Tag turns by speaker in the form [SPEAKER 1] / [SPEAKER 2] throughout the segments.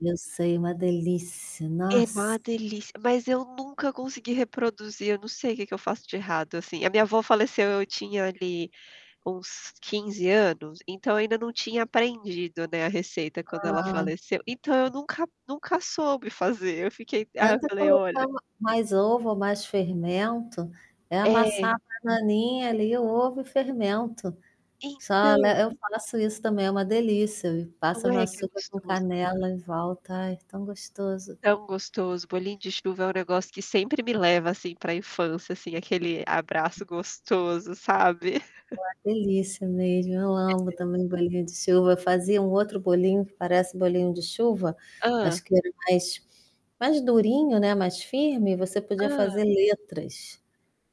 [SPEAKER 1] Eu sei, uma delícia.
[SPEAKER 2] É uma
[SPEAKER 1] Nossa.
[SPEAKER 2] delícia, mas eu nunca consegui reproduzir. Eu não sei o que que eu faço de errado, assim. A minha avó faleceu, eu tinha ali uns 15, anos. Então eu ainda não tinha aprendido, né, a receita quando ela
[SPEAKER 1] Ah.
[SPEAKER 2] faleceu. Então eu nunca nunca soube fazer. Eu fiquei aí eu
[SPEAKER 1] Tenta
[SPEAKER 2] falei: "Olha"
[SPEAKER 1] colocar m mais ovo ou mais fermento. É
[SPEAKER 2] É.
[SPEAKER 1] amassar a bananinha, ali, o ovo e o fermento. Só
[SPEAKER 2] Então
[SPEAKER 1] le eu faço isso também. É uma delícia.
[SPEAKER 2] Não
[SPEAKER 1] Passa no
[SPEAKER 2] é que é
[SPEAKER 1] açúcar com
[SPEAKER 2] gostoso.
[SPEAKER 1] canela e volta ai, tão gostoso.
[SPEAKER 2] Tão gostoso. Bolinho de chuva é um negócio que sempre me leva, assim, pra infância, assim, aquele abraço gostoso, sabe?
[SPEAKER 1] Uma delícia mesmo, eu amo
[SPEAKER 2] É.
[SPEAKER 1] também bolinho de chuva. Eu fazia um outro bolinho que parece bolinho de chuva,
[SPEAKER 2] Hã.
[SPEAKER 1] acho que era mais mais durinho, né, mais firme você podia
[SPEAKER 2] Hã.
[SPEAKER 1] fazer letras.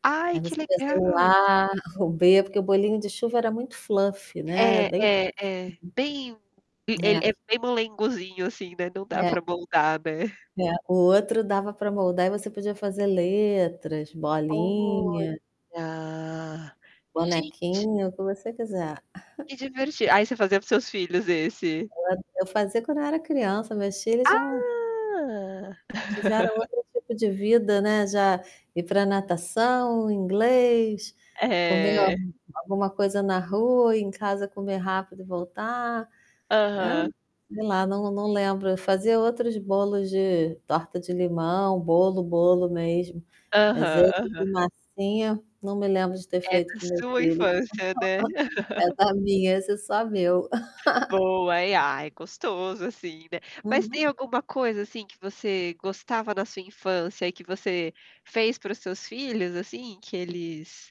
[SPEAKER 2] Ai,
[SPEAKER 1] Aí
[SPEAKER 2] que
[SPEAKER 1] você fazia
[SPEAKER 2] legal!
[SPEAKER 1] o A, o B porque o bolinho de chuva era muito fluffy, né, é
[SPEAKER 2] É,
[SPEAKER 1] bem
[SPEAKER 2] é, é, bem e ele
[SPEAKER 1] é.
[SPEAKER 2] é bem molengozinho, assim, né? Não dá
[SPEAKER 1] É.
[SPEAKER 2] pra moldar, né?
[SPEAKER 1] É. O outro dava pra moldar e você podia fazer letras, bolinha
[SPEAKER 2] Olha, gente!
[SPEAKER 1] bonequinho, o que você quiser.
[SPEAKER 2] Que diverti aí você fazia para os seus filhos, esse.
[SPEAKER 1] É, eu fazia quando eu era criança. Meus filhos não
[SPEAKER 2] Ah!
[SPEAKER 1] tiveram outro tipo de vida, né. Já ir pra natação, inglês, comer al
[SPEAKER 2] É.
[SPEAKER 1] alguma coisa na rua, em casa comer rápido e voltar hã?
[SPEAKER 2] Aham.
[SPEAKER 1] Sei lá, não não lembro, eu fazia outros bolos de torta de limão, bolo, bolo mesmo. Mas
[SPEAKER 2] Aham,
[SPEAKER 1] esse de
[SPEAKER 2] aham.
[SPEAKER 1] massinha, não me lembro de ter
[SPEAKER 2] É
[SPEAKER 1] feito
[SPEAKER 2] da
[SPEAKER 1] com meus
[SPEAKER 2] sua
[SPEAKER 1] filhos.
[SPEAKER 2] infância, né.
[SPEAKER 1] É da minha essa é só meu.
[SPEAKER 2] Boa, é ah, é gostoso, assim, né. Mas tem
[SPEAKER 1] Uhum.
[SPEAKER 2] alguma coisa, assim, que você gostava na sua infância e que você fez para os seus filhos, assim, que eles